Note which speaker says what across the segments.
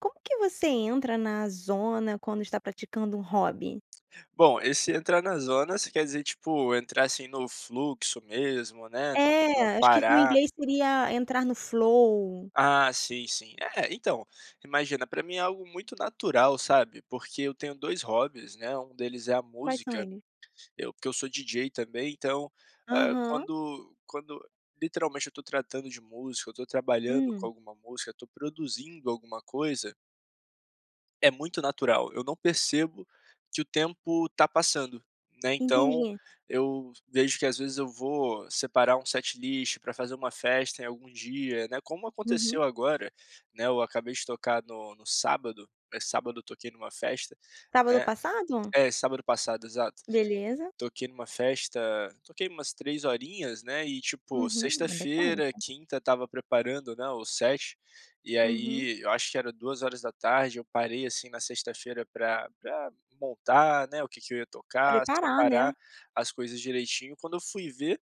Speaker 1: Como que você entra na zona quando está praticando um hobby?
Speaker 2: Bom, esse entrar na zona você quer dizer, tipo, entrar assim no fluxo mesmo né, não não
Speaker 1: É, acho que no
Speaker 2: parar?
Speaker 1: inglês seria entrar no flow.
Speaker 2: Ah, sim, sim, é então imagina, para mim é algo muito natural sabe, porque eu tenho 2 hobbies, né, um deles é a
Speaker 1: Quais são
Speaker 2: música,
Speaker 1: eles?
Speaker 2: eu porque eu sou DJ também então, ah,
Speaker 1: Aham.
Speaker 2: quando quando literalmente eu estou tratando de música, eu estou trabalhando com
Speaker 1: Hum.
Speaker 2: alguma música, estou produzindo alguma coisa é muito natural, eu não percebo que o tempo está passando, né, então
Speaker 1: Entendi.
Speaker 2: eu vejo que às vezes eu vou separar um setlist para fazer uma festa em algum dia, né, como
Speaker 1: Uhum.
Speaker 2: aconteceu agora, né, eu acabei de tocar no no sábado, eh, sábado eu toquei numa festa,
Speaker 1: Sábado
Speaker 2: né,
Speaker 1: passado?
Speaker 2: é sábado passado exato,
Speaker 1: Beleza.
Speaker 2: toquei numa festa, toquei umas 3 horinhas, né, e tipo
Speaker 1: Uhum, é bastante.
Speaker 2: sexta-feira, quinta estava preparando, né, o set e
Speaker 1: Uhum.
Speaker 2: aí eu acho que era 14:00 eu parei, assim, na sexta-feira pra pra montar, né, o que que eu ia tocar,
Speaker 1: Preparar, né.
Speaker 2: separar as coisas direitinho, quando eu fui ver,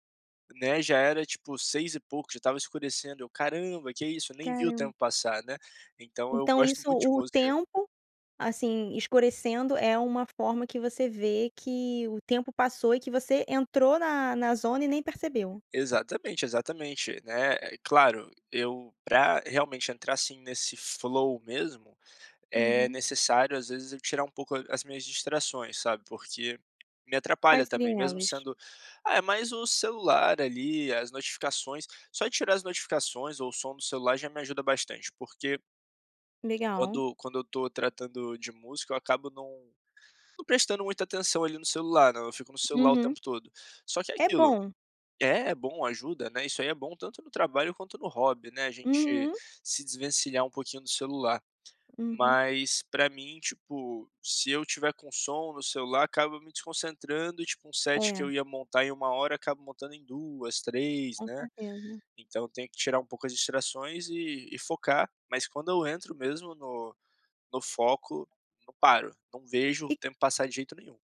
Speaker 2: né, já era tipo 6 e pouco, já estava escurecendo, caramba que isso, nem vi o tempo
Speaker 1: Caramba.
Speaker 2: passar, né, então eu
Speaker 1: Então
Speaker 2: gosto
Speaker 1: isso
Speaker 2: muito de
Speaker 1: o
Speaker 2: música.
Speaker 1: tempo, assim, escurecendo é uma forma que você vê que o tempo passou e que você entrou na na zona e nem percebeu.
Speaker 2: Exatamente, exatamente, né, eh, claro eu pra realmente entrar, assim, nesse flow mesmo, é
Speaker 1: Uhum.
Speaker 2: necessário às vezes eu tirar um pouco as minhas distrações, sabe, porque me atrapalha
Speaker 1: Quais
Speaker 2: também
Speaker 1: seriam
Speaker 2: mesmo
Speaker 1: elas?
Speaker 2: sendo é mais o celular ali, as notificações, só de tirar as notificações ou o som do celular já me ajuda bastante, porque
Speaker 1: Legal.
Speaker 2: quando quando eu estou tratando de música eu acabo não não prestando muita atenção ali no celular, né, eu fico no celular o
Speaker 1: Uhum.
Speaker 2: tempo todo. Só que é
Speaker 1: É
Speaker 2: aquilo
Speaker 1: bom.
Speaker 2: é é bom ajuda, né, isso aí é bom tanto no trabalho quanto no hobby, né, a gente
Speaker 1: Uhum.
Speaker 2: se desvencilhar um pouquinho do celular,
Speaker 1: Uhum.
Speaker 2: mas pra mim, tipo, se eu tiver com som no celular acaba me desconcentrando e tipo um set que
Speaker 1: É.
Speaker 2: eu ia montar em 1h acabo montando em 2, 3,
Speaker 1: Com
Speaker 2: né,
Speaker 1: certeza.
Speaker 2: então eu tenho que tirar um pouco as distrações e e focar, mas quando eu entro mesmo no no foco, não paro, não vejo o
Speaker 1: E
Speaker 2: tempo passar de jeito nenhum.